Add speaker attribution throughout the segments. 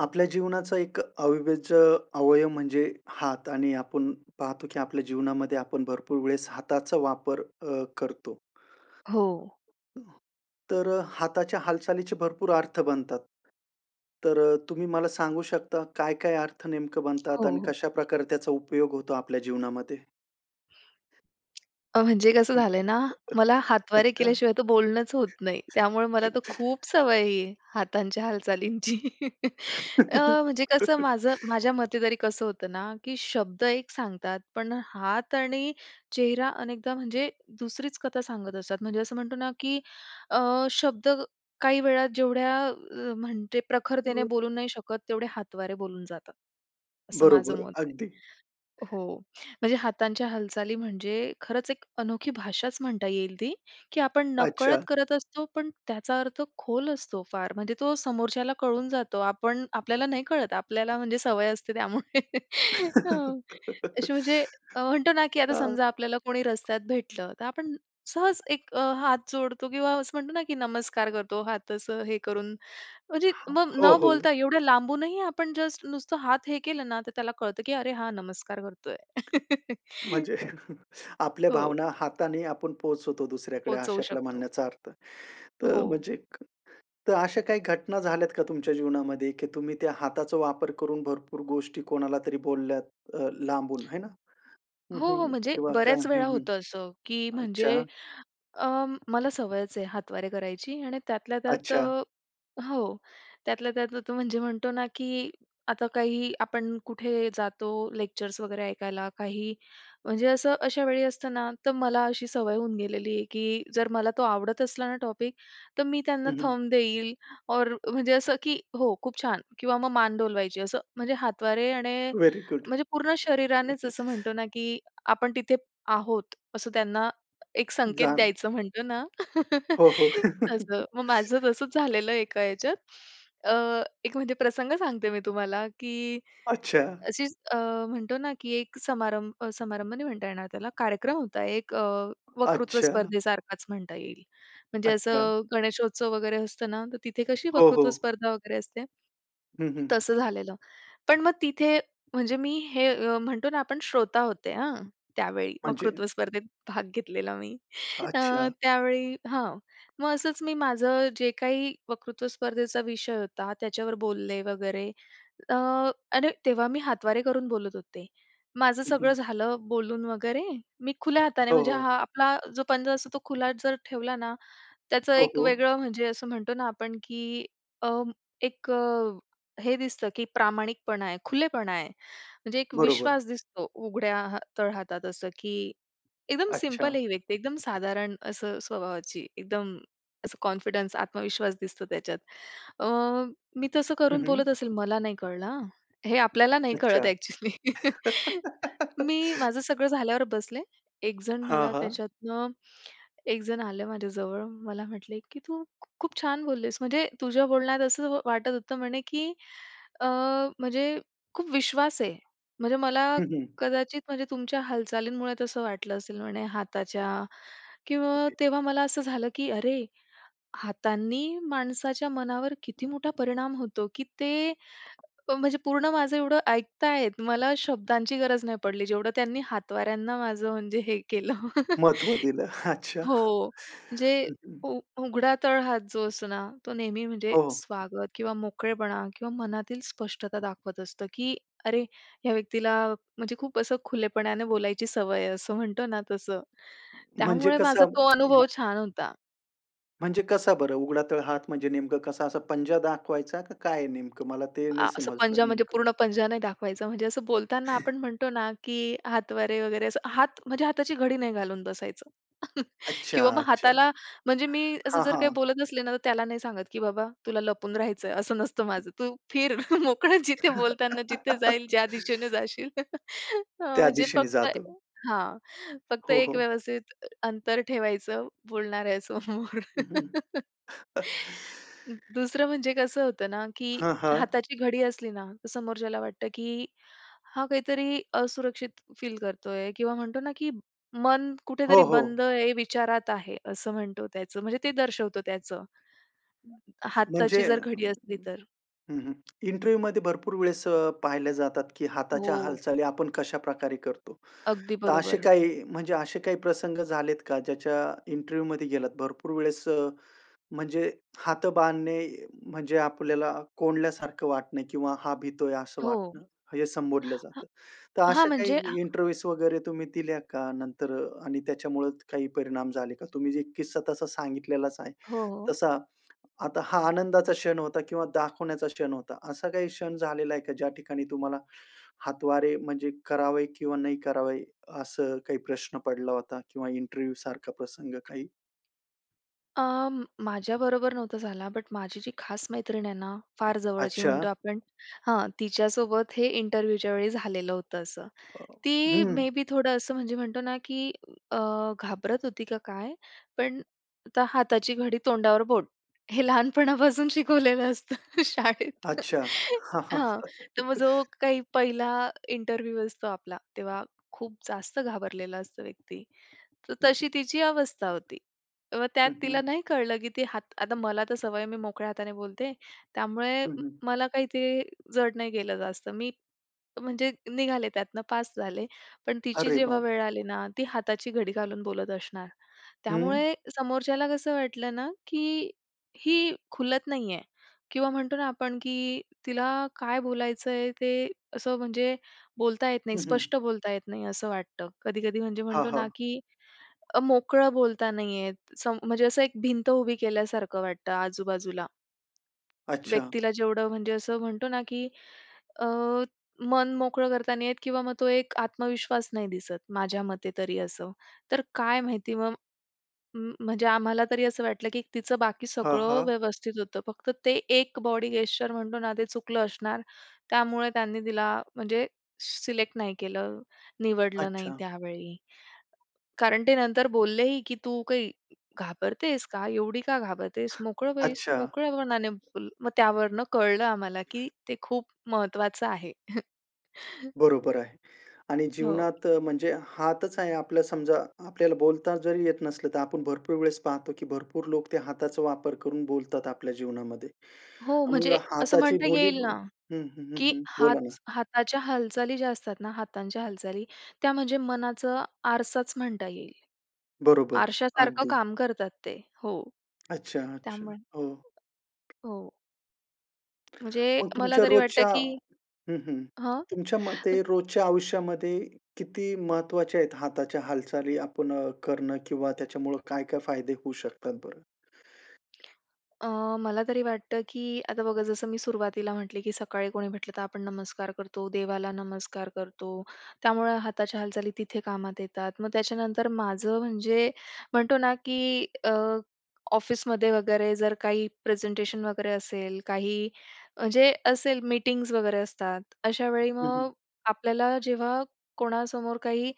Speaker 1: आपल्या जीवनाचा एक अ, अविभाज्य अवयव म्हणजे हात आणि आपण पाहतो की आपल्या जीवनामध्ये आपण भरपूर वेळेस हाताचा वापर अ, करतो.
Speaker 2: हो.
Speaker 1: तर हाताच्या हालचालीचे भरपूर अर्थ बनतात. तर अ, तुम्ही मला सांगू शकता काय-काय अर्थ नेमकं
Speaker 2: हो,
Speaker 1: बनतात आणि
Speaker 2: हो.
Speaker 1: कशाप्रकारे त्याचा उपयोग होतो आपल्या जीवनामध्ये?
Speaker 2: म्हणजे कसं झालंय ना, मला हातवारे
Speaker 1: अच्छा.
Speaker 2: केल्याशिवाय तर बोलणंच होत नाही. त्यामुळे मला तर खूप सवय आहे ही, हातांच्या हालचालींची. अ, म्हणजे कसं माझं माझ्या मते तरी कसं होतं ना की शब्द एक सांगतात पण हात आणि चेहरा अनेकदा म्हणजे दुसरीच कथा सांगत असतात. म्हणजे असं म्हणतो ना, की अ, शब्द काही वेळा जेवढ्या म्हणजे, प्रखरतेने
Speaker 1: [unintelligible]
Speaker 2: बोलू नाही शकत तेवढे हातवारे बोलून जातात. असं माझं
Speaker 1: बरोबर.
Speaker 2: मत आहे.
Speaker 1: अगदी.
Speaker 2: हो. म्हणजे हातांच्या हालचाली म्हणजे खरंच एक अनोखी भाषाच म्हणता येईल ती की आपण नकळत
Speaker 1: अच्छा.
Speaker 2: करत असतो पण त्याचा अर्थ खोल असतो फार. म्हणजे तो समोरच्याला कळून जातो. आपण आपल्याला नाही कळत. आपल्याला म्हणजे सवय असते त्यामुळे हां. अशी म्हणजे अ, म्हणतो ना की आता
Speaker 1: हां.
Speaker 2: समजा आपल्याला कोणी रस्त्यात भेटलं, तर आपण सहज एक अ, हात जोडतो किंवा असं म्हणतो ना की नमस्कार करतो, हात असं हे करून, म्हणजे
Speaker 1: हां.
Speaker 2: मग
Speaker 1: हो,
Speaker 2: न
Speaker 1: हो.
Speaker 2: बोलता एवढ्या लांबूनही आपण जस्ट नुसतं हात हे केलं ना, तर त्याला कळतं की अरे हा नमस्कार करतोय.
Speaker 1: म्हणजे आपल्या
Speaker 2: हो.
Speaker 1: भावना हाताने आपण पोहचवतो दुसऱ्याकडे
Speaker 2: पोहचवू
Speaker 1: अशातला
Speaker 2: शकतो.
Speaker 1: म्हणण्याचा अर्थ. तर
Speaker 2: हो.
Speaker 1: म्हणजे एक तर अशा काही घटना झाल्यात का तुमच्या जीवनामध्ये, की तुम्ही त्या हाताचा वापर करून भरपूर गोष्टी कोणाला तरी बोलल्यात अ, लांबून, हे ना? हं,
Speaker 2: हो, हो. म्हणजे
Speaker 1: हं. वाह! का
Speaker 2: बऱ्याच
Speaker 1: हं,
Speaker 2: वेळा
Speaker 1: हं.
Speaker 2: होतं असं की
Speaker 1: अच्छा.
Speaker 2: म्हणजे अ, मला सवयच आहे हातवारे करायची आणि त्यातल्या त्यात
Speaker 1: अच्छा.
Speaker 2: हो. त्यातल्या त्यात तो म्हणजे म्हणतो ना की आता काही आपण कुठे जातो लेक्चर्स वगैरे ऐकायला काही म्हणजे असं अशा वेळी असताना, तर मला अशी सवय होऊन गेलेली आहे की जर मला तो आवडत असला ना टॉपिक, तर मी त्यांना
Speaker 1: हं, हं.
Speaker 2: थंब देईल और म्हणजे असं की हो खूप छान किंवा मग मान डोलवायची. असं म्हणजे हातवारे आणि
Speaker 1: व्हेरी गुड.
Speaker 2: म्हणजे पूर्ण शरीरानेच असं म्हणतो ना की आपण तिथे आहोत, असं त्यांना एक संकेत
Speaker 1: जाण
Speaker 2: द्यायचं म्हणतो ना.
Speaker 1: हो, हो.
Speaker 2: तसं. मग माझं तसंच झालेलं एका ह्याच्यात. अ, एक म्हणजे प्रसंग सांगते मी तुम्हाला की
Speaker 1: अच्छा.
Speaker 2: अशीच अ, म्हणतो ना की एक समारंभ अ, समारंभ नाही म्हणता येणार त्याला कार्यक्रम होता एक अ, वक्तृत्व
Speaker 1: अच्छा.
Speaker 2: स्पर्धे सारखच म्हणता येईल. म्हणजे
Speaker 1: अच्छा.
Speaker 2: असं गणेशोत्सव वगैरे असतं ना, तर तिथे कशी
Speaker 1: हो,
Speaker 2: वक्तृत्व
Speaker 1: हो.
Speaker 2: स्पर्धा वगैरे असते.
Speaker 1: हं, हं.
Speaker 2: तसं झालेलं. पण मग तिथे म्हणजे मी हे म्हणतो ना आपण श्रोता होते हां त्यावेळी.
Speaker 1: म्हणजे
Speaker 2: वक्तृत्व स्पर्धेत भाग घेतलेला मी. अ,
Speaker 1: अच्छा.
Speaker 2: त्यावेळी हां. मग असंच मी माझं जे काही वक्तृत्व स्पर्धेचा विषय होता त्याच्यावर बोलले वगैरे अ, आणि तेव्हा मी हातवारे करून बोलत होते. माझं
Speaker 1: हं,
Speaker 2: सगळं
Speaker 1: हं.
Speaker 2: झालं बोलून वगैरे मी खुल्या हाताने
Speaker 1: हो,
Speaker 2: म्हणजे
Speaker 1: हो.
Speaker 2: हा आपला जो पंजा असतो तो खुला जर ठेवला ना, त्याचं
Speaker 1: हो,
Speaker 2: एक
Speaker 1: हो.
Speaker 2: वेगळं म्हणजे असं म्हणतो ना आपण की अ, एक हे दिसतं की प्रामाणिकपणा आहे, खुलेपणा आहे. म्हणजे एक
Speaker 1: बरोबर.
Speaker 2: विश्वास दिसतो उघड्या हा तळ हातात असं की एकदम सिंपल
Speaker 1: अच्छा.
Speaker 2: आहे ही व्यक्ती, एकदम साधारण असं स्वभावाची, एकदम असं कॉन्फिडन्स, आत्मविश्वास दिसतो त्याच्यात. अ, मी तसं
Speaker 1: हं,
Speaker 2: करून बोलत
Speaker 1: हं.
Speaker 2: असेल मला नाही कळलं हां. हे आपल्याला नाही कळत
Speaker 1: अच्छा.
Speaker 2: ॲक्चुअली. मी माझं सगळं झाल्यावर बसले. एक जण
Speaker 1: हां,
Speaker 2: मला
Speaker 1: हां.
Speaker 2: त्याच्यातनं एक जण आलं माझ्याजवळ. मला म्हटले, "की तू खूप छान बोललेस म्हणजे तुझ्या बोलण्यात असं वाटत होतं म्हणे, की अ, म्हणजे खूप विश्वास आहे." म्हणजे मला
Speaker 1: हं, हं.
Speaker 2: कदाचित, म्हणजे तुमच्या हालचालींमुळे तसं वाटलं असेल म्हणे हाताच्या किंवा तेव्हा मला असं झालं की अरे हातांनी माणसाच्या मनावर किती मोठा परिणाम होतो की ते म्हणजे पूर्ण माझं एवढं ऐकताहेत. मला शब्दांची गरज नाही पडली. जेवढं त्यांनी हातवाऱ्यांना माझं म्हणजे हे केलं.
Speaker 1: महत्व दिलं. अच्छा.
Speaker 2: हो. म्हणजे
Speaker 1: हं, हं.
Speaker 2: उघडा तळहात जो असतो ना, तो नेहमी म्हणजे
Speaker 1: हो, हो.
Speaker 2: स्वागत किंवा मोकळेपणा किंवा मनातील स्पष्टता दाखवत असतो, की अरे ह्या व्यक्तीला म्हणजे खूप असं खुलेपणाने बोलायची सवय आहे असं म्हणतो ना तसं.
Speaker 1: म्हणजे
Speaker 2: त्यामुळे माझा
Speaker 1: कसं?
Speaker 2: तो अनुभव
Speaker 1: [unintelligible]
Speaker 2: छान होता.
Speaker 1: म्हणजे कसं बरं. उघडा तळहात म्हणजे नेमका कसं असा पंजा दाखवायचा का काय नेमकं, मला ते
Speaker 2: अ,
Speaker 1: नाही
Speaker 2: असं पंजा
Speaker 1: समजलं
Speaker 2: म्हणजे
Speaker 1: नेमकं.
Speaker 2: पूर्ण पंजा नाही दाखवायचं. म्हणजे असं बोलताना आपण म्हणतो ना, की हातवारे वगैरे असं हात म्हणजे हाताची घडी नाही घालून बसायचं.
Speaker 1: अच्छा,
Speaker 2: किंवा मग
Speaker 1: अच्छा.
Speaker 2: हाताला, म्हणजे मी असं
Speaker 1: हां,
Speaker 2: जर काही
Speaker 1: हां.
Speaker 2: बोलत असले ना, तर त्याला नाही सांगत, की बाबा तुला लपून राहायचंय असं नसतं माझं. तू फिर. मोकळं, जिथे बोलताना जिथे जाईल ज्या दिशेने जाशील. हां,
Speaker 1: त्या
Speaker 2: म्हणजे
Speaker 1: दिशेने
Speaker 2: फक्त
Speaker 1: जातं.
Speaker 2: हां, फक्त
Speaker 1: हो,
Speaker 2: एक
Speaker 1: हो.
Speaker 2: व्यवस्थित अंतर ठेवायचं बोलणाऱ्यासमोर.
Speaker 1: हं, हं.
Speaker 2: दुसरं म्हणजे कसं होतं ना, की
Speaker 1: हां, हां.
Speaker 2: हाताची घडी असली ना, तर समोरच्याला की, हा काहीतरी असुरक्षित फील करतोय किंवा म्हणतो ना, की मन कुठेतरी
Speaker 1: हो, हो.
Speaker 2: बंद आहे, विचारात आहे असं म्हणतो त्याचं, म्हणजे ते दर्शवतो त्याचं
Speaker 1: हं.
Speaker 2: हाताची
Speaker 1: म्हणजे अ,
Speaker 2: जर घडी असली तर.
Speaker 1: हं, हं, इंटरव्ह्यू मध्ये भरपूर वेळेस पाहिल्या जातात, की हाताच्या
Speaker 2: हो.
Speaker 1: हालचाली, आपण कशाप्रकारे करतो.
Speaker 2: अगदी
Speaker 1: तर असे
Speaker 2: बरोबर.
Speaker 1: काही म्हणजे असे काही प्रसंग झालेत का, ज्याच्या इंटरव्ह्यू मध्ये गेलात. भरपूर वेळेस म्हणजे, हात बांधणे म्हणजे आपल्याला कोंडल्यासारखं वाटणे, किंवा हा भीतोय असं
Speaker 2: हो.
Speaker 1: वाटणं हे संबोधलं जातं. तर
Speaker 2: हां,
Speaker 1: अशा
Speaker 2: म्हणजे
Speaker 1: काही इंटरव्ह्यूज वगैरे तुम्ही दिल्या का, नंतर आणि त्याच्यामुळे काही परिणाम झाले का. तुम्ही जे किस्सा तसा सांगितलेलाच आहे.
Speaker 2: हो, हो.
Speaker 1: तसा आता हा आनंदाचा क्षण होता किंवा दाखवण्याचा क्षण होता. असा काही क्षण झालेला आहे का ज्या ठिकाणी तुम्हाला हातवारे म्हणजे करावे, किंवा नाही करावे असं काही प्रश्न पडला होता. किंवा इंटरव्ह्यू सारखा प्रसंग काही
Speaker 2: अ, माझ्याबरोबर नव्हता झाला, बट माझी जी खास मैत्रीण आहे ना, फार जवळची म्हणतो
Speaker 1: अच्छा.
Speaker 2: आपण हां, तिच्यासोबत हे इंटरव्ह्यूच्या वेळी झालेलं होतं असं. ती
Speaker 1: हं.
Speaker 2: मे बी थोडं असं म्हणजे म्हणतो ना की अ, घाबरत होती का काय? पण आता हाताची घडी तोंडावर बोट. हे लहानपणापासून शिकवलेलं असतं शाळेत.
Speaker 1: अच्छा.
Speaker 2: हां. तर मग जो काही पहिला इंटरव्ह्यू असतो आपला, तेव्हा खूप जास्त घाबरलेला असतो व्यक्ती. तर तशी तिची अवस्था होती. मग त्यात
Speaker 1: हं,
Speaker 2: तिला
Speaker 1: हं.
Speaker 2: नाही कळलं की ती हात आता मला तर सवय आहे, मी मोकळ्या हाताने बोलते. त्यामुळे
Speaker 1: हं, हं.
Speaker 2: मला काही ते जड नाही गेलं जास्त. मी म्हणजे निघाले त्यातनं पास झाले. पण तिची
Speaker 1: अरे
Speaker 2: जेव्हा
Speaker 1: बाप!
Speaker 2: वेळ आली ना, ती हाताची घडी घालून बोलत असणार.
Speaker 1: हं.
Speaker 2: त्यामुळे समोरच्याला कसं वाटलं ना, की ही खुलत नाही आहे किंवा म्हणतो ना आपण की तिला काय बोलायचंय, ते असं म्हणजे बोलता येत नाही,
Speaker 1: हं, हं.
Speaker 2: स्पष्ट बोलता येत नाही असं वाटतं. कधी-कधी म्हणजे
Speaker 1: हां,
Speaker 2: म्हणतो ना
Speaker 1: हां.
Speaker 2: की अ, मोकळं बोलता नाही येत. सम म्हणजे असं एक भिंत उभी केल्यासारखं वाटतं आजूबाजूला.
Speaker 1: अच्छा.
Speaker 2: व्यक्तीला जेवढं म्हणजे असं म्हणतो ना की अ, मन मोकळं करता नाही येत किंवा मग तो एक आत्मविश्वास नाही दिसत, माझ्या मते तरी असं. तर काय माहिती मग म म्हणजे आम्हाला तरी असं वाटलं की तिचं बाकी
Speaker 1: हां,
Speaker 2: सगळं
Speaker 1: हां.
Speaker 2: व्यवस्थित होतं. फक्त ते एक बॉडी गेस्चर म्हणतो ना, ते चुकलं असणार, त्यामुळे त्यांनी तिला म्हणजे सिलेक्ट नाही केलं, निवडलं नाही
Speaker 1: अच्छा.
Speaker 2: त्यावेळी. कारण ते नंतर बोललेही, की "तू काही घाबरतेस का? एवढी का घाबरतेस? मोकळं बैस,
Speaker 1: अच्छा.
Speaker 2: मोकळ्यापणाने बोल." मग त्यावरनं कळलं आम्हाला की ते खूप महत्वाचं आहे.
Speaker 1: बरोबर आहे. आणि
Speaker 2: हो.
Speaker 1: जीवनात अ, म्हणजे हातच आहे आपलं समजा, आपल्याला बोलता जरी येत नसलं, तर आपण भरपूर वेळेस पाहतो की भरपूर लोक ते हाताचा वापर करून बोलतात आपल्या जीवनामध्ये.
Speaker 2: हो,
Speaker 1: मग
Speaker 2: म्हणजे असं
Speaker 1: हाताची
Speaker 2: म्हणता
Speaker 1: बोली
Speaker 2: येईल ना,
Speaker 1: हं, हं, हं,
Speaker 2: की
Speaker 1: हं.
Speaker 2: हात
Speaker 1: बोला ना.
Speaker 2: हाताच्या हालचाली ज्या असतात ना, हातांच्या हालचाली, त्या म्हणजे मनाचा आरसाचं म्हणता येईल.
Speaker 1: बरोबर,
Speaker 2: आरशासारखं
Speaker 1: अगदी.
Speaker 2: काम करतात ते. हो.
Speaker 1: अच्छा-अच्छा,
Speaker 2: त्यामुळे
Speaker 1: हो.
Speaker 2: हो. म्हणजे
Speaker 1: मग
Speaker 2: मला
Speaker 1: तुमच्या
Speaker 2: तरी वाटतं
Speaker 1: रोजच्या
Speaker 2: की
Speaker 1: हं, हं.
Speaker 2: हं.
Speaker 1: तुमच्या
Speaker 2: अ
Speaker 1: मते रोजच्या आयुष्यामध्ये किती महत्वाच्या आहेत हाताच्या हालचाली आपण अ, करणं? किंवा त्याच्यामुळं काय-काय फायदे होऊ शकतात बरं?
Speaker 2: अ, मला तरी वाटतं, की आता बघा जसं मी सुरुवातीला म्हटले, की सकाळी कोणी म्हटलं तर आपण नमस्कार करतो, देवाला नमस्कार करतो. त्यामुळं हाताच्या हालचाली तिथे कामात येतात. मग त्याच्यानंतर माझं म्हणजे म्हणतो ना, की अ, ऑफिसमध्ये वगैरे जर काही प्रेझेंटेशन वगैरे असेल, काही म्हणजे असेल मीटिंग्ज वगैरे असतात. अशा वेळी
Speaker 1: हं, हं.
Speaker 2: मग आपल्याला जेव्हा कोणासमोर काही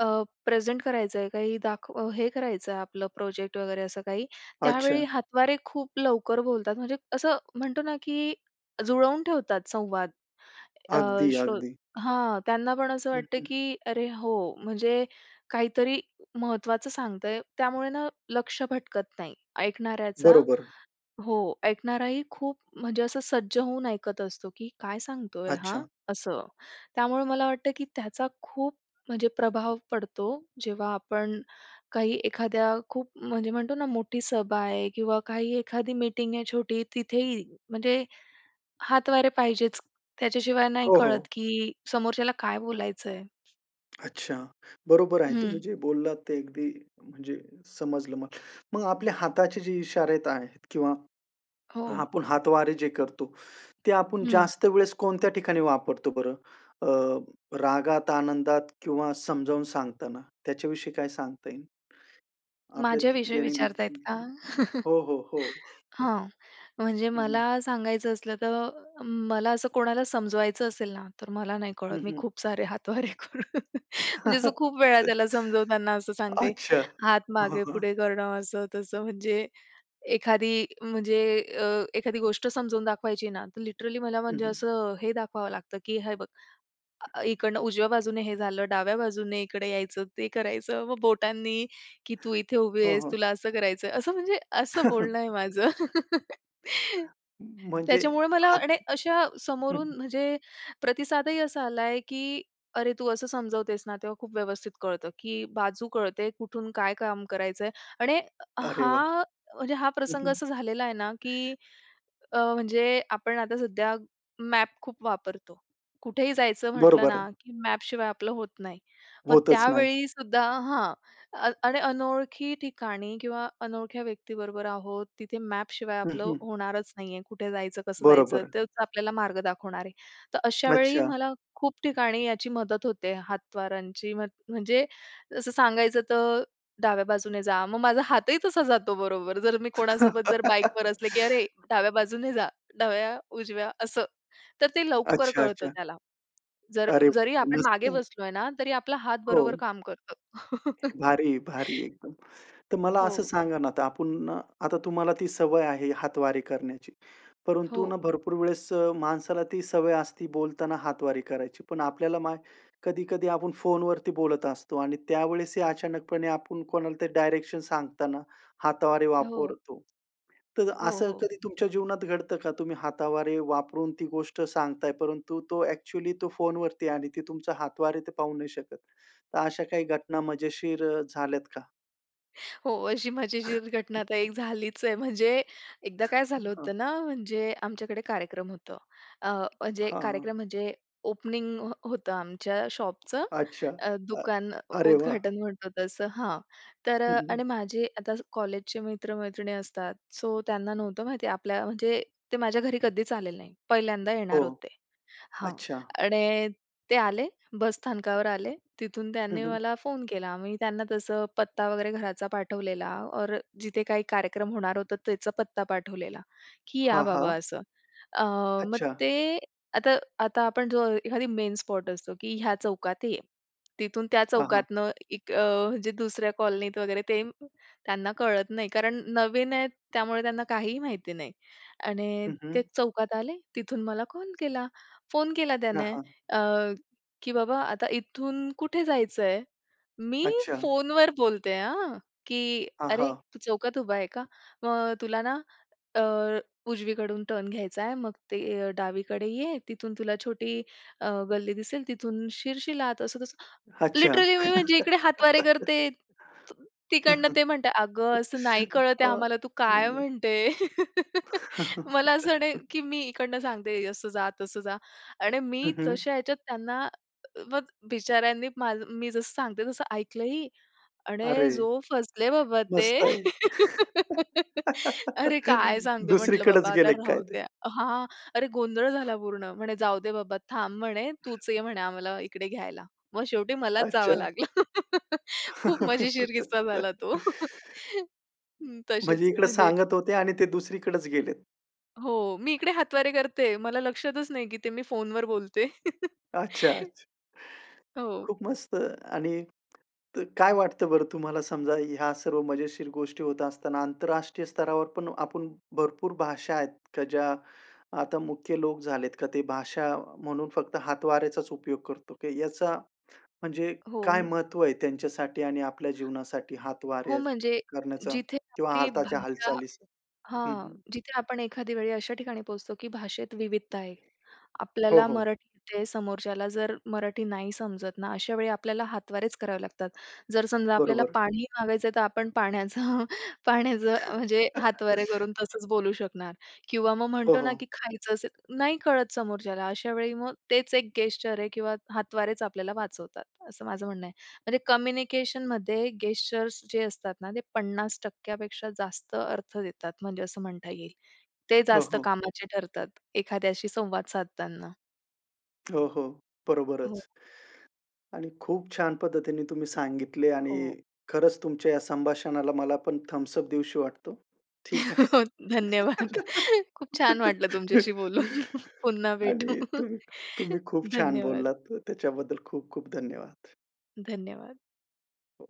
Speaker 2: अ, प्रेझेंट करायचं आहे, काही दाखव हे करायचं आहे आपलं प्रोजेक्ट वगैरे असं काही. त्यावेळी
Speaker 1: अच्छा.
Speaker 2: हातवारे खूप लवकर बोलतात, म्हणजे असं म्हणतो ना, की जुळवून ठेवतात संवाद. अ,
Speaker 1: अगदी,
Speaker 2: शो
Speaker 1: अगदी.
Speaker 2: हां, त्यांना पण असं
Speaker 1: हं,
Speaker 2: वाटतं,
Speaker 1: हं.
Speaker 2: की "अरे, हो, म्हणजे काहीतरी महत्त्वाचं सांगतंय." त्यामुळे ना लक्ष भटकत नाही ऐकणाऱ्याचा.
Speaker 1: बरोबर.
Speaker 2: हो, ऐकणाराही खूप म्हणजे असं सज्ज होऊन ऐकत असतो, की काय सांगतोय हां?
Speaker 1: अच्छा.
Speaker 2: असं. त्यामुळे मला वाटतं, की त्याचा खूप म्हणजे प्रभाव पडतो जेव्हा आपण काही एखाद्या खूप म्हणजे म्हणतो ना मोठी सभा आहे किंवा काही एखादी मीटिंग आहे, छोटी तिथेही म्हणजे हातवारे पाहिजेच, त्याच्याशिवाय नाही
Speaker 1: हो,
Speaker 2: कळत,
Speaker 1: हो.
Speaker 2: की समोरच्याला काय बोलायचं आहे.
Speaker 1: अच्छा. बरोबर आहे, तुम्ही
Speaker 2: हं.
Speaker 1: जे बोललात ते अगदी म्हणजे समजलं मला. मग आपल्या हाताचे जे इशारे आहेत किंवा
Speaker 2: हो.
Speaker 1: आपण हातवारे जे करतो, ते आपण
Speaker 2: हं.
Speaker 1: जास्त वेळेस कोणत्या ठिकाणी वापरतो बरं अ, रागात, आनंदात किंवा समजावून सांगताना, त्याच्याविषयी काय सांगता येईल?
Speaker 2: माझ्या
Speaker 1: आपल्यात
Speaker 2: विषयी विचारतायेत का?
Speaker 1: दैनंदिन हो, हो, हो.
Speaker 2: हां. म्हणजे
Speaker 1: हं, हं.
Speaker 2: मला सांगायचं असलं तर मला असं कोणाला समजवायचं असेल ना, तर मला नाही कळत.
Speaker 1: हं,
Speaker 2: मी
Speaker 1: हं.
Speaker 2: खूप सारे हातवारे करून. म्हणजे असं खूप वेळा त्याला समजवताना असं सांगते,
Speaker 1: अच्छा.
Speaker 2: हात
Speaker 1: हां, हां.
Speaker 2: मागे-पुढे करणं, असं-तसं म्हणजे एखादी म्हणजे अ, एखादी गोष्ट समजून दाखवायची ना, तर लिटरली मला
Speaker 1: हं,
Speaker 2: म्हणजे
Speaker 1: हं.
Speaker 2: असं हे दाखवावं लागतं, की "हे बघ, अ, इकडनं उजव्या बाजूने हे झालं, डाव्या बाजूने इकडे यायचं, ते करायचं." मग बोटांनी की "तू इथे उभी
Speaker 1: हो,
Speaker 2: आहेस,
Speaker 1: हो.
Speaker 2: तुला असं करायचंय." असं म्हणजे असं बोलणं आहे माझं.
Speaker 1: म्हणजे
Speaker 2: त्याच्यामुळे मला
Speaker 1: हात
Speaker 2: आणि अशा
Speaker 1: हं,
Speaker 2: समोरून
Speaker 1: हं.
Speaker 2: म्हणजे प्रतिसादही असा आला आहे की "अरे, तू असं समजवतेस ना, तेव्हा खूप व्यवस्थित कळतं की बाजू कळते, कुठून काय काम करायचंय." आणि
Speaker 1: अरे वाह!
Speaker 2: हा म्हणजे हा
Speaker 1: हं,
Speaker 2: प्रसंग
Speaker 1: हं.
Speaker 2: असा झालेला आहे ना की अ, म्हणजे आपण आता सध्या मॅप खूप वापरतो. कुठेही जायचं म्हटलं
Speaker 1: बरोबर आहे.
Speaker 2: ना, की मॅप शिवाय आपलं होत नाही. मग
Speaker 1: होतच नाही.
Speaker 2: त्यावेळी सुद्धा हां. अन आणि अनोळखी ठिकाणी किंवा अनोळख्या व्यक्तीबरोबर आहोत, तिथे मॅप शिवाय
Speaker 1: हं,
Speaker 2: आपलं
Speaker 1: हं.
Speaker 2: होणारच नाही आहे. कुठे जायचं, कसं जायचं
Speaker 1: बरोबर.
Speaker 2: तेच आपल्याला, मार्ग दाखवणार आहे. तर अशा वेळी
Speaker 1: अच्छा.
Speaker 2: मला खूप ठिकाणी याची मदत होते, हात वारांची म्ह म्हणजे जसं सांगायचं तर डाव्या बाजूने जा, मग माझा हातही तसा जातो बरोबर जर मी कोणासोबत जर बाईकवर असले की "अरे, डाव्या बाजूने जा," डाव्या, उजव्या असं. तर ते लवकर कळतं
Speaker 1: अच्छा-अच्छा.
Speaker 2: त्याला. जर
Speaker 1: अरे,
Speaker 2: जरी
Speaker 1: [unintelligible]
Speaker 2: आपण
Speaker 1: मस्त
Speaker 2: मागे
Speaker 1: आहे.
Speaker 2: बसलोय ना, तरी आपला हात बरोबर
Speaker 1: हो.
Speaker 2: काम करतो.
Speaker 1: भारी, भारी आहे, एकदम. तर मला असं
Speaker 2: हो.
Speaker 1: सांगा ना, आता आपण आता तुम्हाला ती सवय आहे हातवारी करण्याची. परंतु ना
Speaker 2: हो.
Speaker 1: भरपूर वेळेस अ, माणसाला ती सवय असती बोलताना हातवारे करायची. पण आपल्याला मा कधी-कधी आपण फोनवरती बोलत असतो आणि त्यावेळेस ही अचानकपणे आपण कोणाला ते डायरेक्शन सांगताना हातवारे
Speaker 2: हो.
Speaker 1: वापरतो. तर
Speaker 2: हो,
Speaker 1: असं
Speaker 2: हो.
Speaker 1: कधी तुमच्या जीवनात घडतं का? तुम्ही हातावारे वापरून ती गोष्ट सांगताय परंतु तो ॲक्चुअली तो फोनवरती आहे आणि ती तुमच्या हातवारे ते पाहू नाही शकत. तर अशा काही घटना मजेशीर अ, झाल्यात का?
Speaker 2: हो, अशी मजेशीर घटना आता एक झालीच आहे. म्हणजे एकदा काय
Speaker 1: हां,
Speaker 2: झालं
Speaker 1: हां.
Speaker 2: होतं ना, म्हणजे आमच्याकडे कार्यक्रम होतं. अ, म्हणजे
Speaker 1: हां.
Speaker 2: कार्यक्रम म्हणजे ओपनिंग हो होतं आमच्या शॉपचं.
Speaker 1: अच्छा.
Speaker 2: अ,
Speaker 1: अ,
Speaker 2: दुकान अ,
Speaker 1: अरे वाह!
Speaker 2: उद्घाटन म्हणतो तसं हां. तर
Speaker 1: हं,
Speaker 2: अ,
Speaker 1: हं.
Speaker 2: आणि माझे आता ज कॉलेजचे मित्र-मैत्रिणी असतात. सो त्यांना नव्हतं माहिती आपल्या म्हणजे ते माझ्या घरी कधीच आलेले नाही, पहिल्यांदा येणार
Speaker 1: हो.
Speaker 2: होते. हां,
Speaker 1: अच्छा.
Speaker 2: आणि ते आले बसस्थानकावर आले. तिथून
Speaker 1: हं,
Speaker 2: त्यांनी
Speaker 1: हं.
Speaker 2: मला फोन केला. मी त्यांना तसं पत्ता वगैरे घराचा पाठवलेला और जिथे काही कार्यक्रम होणार होतं त्याचा पत्ता पाठवलेला, की या
Speaker 1: हां,
Speaker 2: बाबा
Speaker 1: हां.
Speaker 2: असं. अ, मग
Speaker 1: अच्छा.
Speaker 2: ते आता आता आपण जो एखादी मेन स्पॉट असतो, की ह्या चौकात ये. तिथून त्या
Speaker 1: हां, हां.
Speaker 2: चौकातनं एक अ, जे दुसऱ्या कॉलनीत वगैरे ते त्यांना कळत नाही. कारण नवीन आहेत त्यामुळे, त्यांना काहीही माहिती नाही. आणि
Speaker 1: हं,
Speaker 2: ते
Speaker 1: हं.
Speaker 2: चौकात आले, तिथून मला कॉल केला. फोन केला
Speaker 1: हां,
Speaker 2: त्याने
Speaker 1: हां.
Speaker 2: अ, की "बाबा आता इथून कुठे जायचंय?" मी
Speaker 1: अच्छा.
Speaker 2: फोनवर बोलते आं, की "अरे,
Speaker 1: आहं.
Speaker 2: तू चौकात उभा आहे का? मग अ, तुला ना अ, उजवीकडून टर्न घ्यायचाय मग ते अ, डावीकडे ये, तिथून तुला छोटी अ, गल्ली दिसेल तिथून शिरशिल आत." असं-तसं,
Speaker 1: अच्छा.
Speaker 2: लिटरली मी म्हणजे इकडे हातवारे करते, त तिकडनं
Speaker 1: अहं.
Speaker 2: ते म्हणत आहेत "अगं, असं नाही कळत आहे आम्हाला. तू काय
Speaker 1: अच्छा.
Speaker 2: म्हणते." मला असं नाही की, मी इकडनं सांगते असं जा, तसं जा. आणि मी
Speaker 1: अहं.
Speaker 2: तशा ह्याच्यात त्यांना, अ, म, मग बिचाऱ्यांनी माझं मी जसं सांगते तसं ऐकलं ही. आणि
Speaker 1: अरे,
Speaker 2: जो फसले बाबा ते.
Speaker 1: मस्त आहे.
Speaker 2: अरे, काय सांगते. म्हटलं बाबा
Speaker 1: दुसरीकडेच
Speaker 2: आता
Speaker 1: गेले काय
Speaker 2: राहू
Speaker 1: ते?
Speaker 2: द्या. हां, अरे गोंधळ झाला पूर्ण. म्हणे "जाऊदे बाबा थांब म्हणे, तूच ये म्हणे आम्हाला इकडे घ्यायला." मग शेवटी मलाच जावं
Speaker 1: अच्छा.
Speaker 2: लागलं. खूप मजेशीर किस्सा झाला तो. हं,
Speaker 1: म्हणजे
Speaker 2: तसेच
Speaker 1: इकडे
Speaker 2: म्हणजे
Speaker 1: सांगत होते आणि ते दुसरीकडेच गेलेत.
Speaker 2: हो. मी इकडे हातवारे करते. मला लक्षातच नाही, की ते मी फोनवर बोलते.
Speaker 1: अच्छा, अच्छा.
Speaker 2: हो.
Speaker 1: खूप मस्त आणि तर काय वाटतं बरं तुम्हाला? समजा ह्या सर्व मजेशीर गोष्टी होत असताना आंतरराष्ट्रीय स्तरावर पण आपण भरपूर भाषा आहेत का, ज्या आता मुख्य लोप झालेत का ते भाषा म्हणून फक्त हातवाऱ्याचाचं उपयोग करतो. की याचा म्हणजे
Speaker 2: हो.
Speaker 1: काय महत्व आहे त्यांच्यासाठी आणि आपल्या जीवनासाठी
Speaker 2: हो,
Speaker 1: हातवारे
Speaker 2: म्हणजे
Speaker 1: करण्याचा
Speaker 2: जिथे
Speaker 1: किंवा
Speaker 2: आपली
Speaker 1: हाताच्या
Speaker 2: भाषा
Speaker 1: हालचालीचा? हं
Speaker 2: हां.
Speaker 1: हं.
Speaker 2: जिथे आपण एखाद्या वेळी अशा ठिकाणी पोहोचतो की भाषेत विविधता आहे.
Speaker 1: हो,
Speaker 2: आपल्याला
Speaker 1: हो.
Speaker 2: मराठी येते समोरच्याला जर मराठी नाही समजत ना, अशा वेळी आपल्याला हातवारेच करावे लागतात. जर समजा आपल्याला
Speaker 1: बरोबर.
Speaker 2: पाणी मागायचं आहे, तर आपण पाण्याचं पाण्याचं, म्हणजे हातवारे करून तसंच बोलू शकणार किंवा मग
Speaker 1: हो,
Speaker 2: म्हणतो ना,
Speaker 1: हो.
Speaker 2: की खायचं असेल नाही, कळत समोरच्याला. अशा वेळी मग तेच एक गेस्चर आहे किंवा हातवारेच आपल्याला वाचवतात, असं माझं म्हणणं आहे. म्हणजे कम्युनिकेशनमध्ये गेस्चर्स जे असतात ना, ते 50% पेक्षा जास्त अर्थ देतात म्हणजे असं म्हणता येईल. ते
Speaker 1: हो,
Speaker 2: जास्त
Speaker 1: हो.
Speaker 2: कामाचे ठरतात एखाद्याशी संवाद साधताना.
Speaker 1: हो, हो.
Speaker 2: हो.
Speaker 1: बरोबरच. आणि खूप छान पद्धतीने तुम्ही सांगितले आणि
Speaker 2: हो.
Speaker 1: खरंच तुमच्या या संभाषणाला मला पण थम्स अप देऊशी वाटतो. ठीक आहे.
Speaker 2: धन्यवाद. खूप छान वाटलं तुमच्याशी बोलून. पुन्हा भेटू.
Speaker 1: आणि तुम्ही तुम्ही खूप छान
Speaker 2: धन्यवाद.
Speaker 1: बोललात त त्याच्याबद्दल खूप खूप धन्यवाद.
Speaker 2: धन्यवाद.
Speaker 1: हो.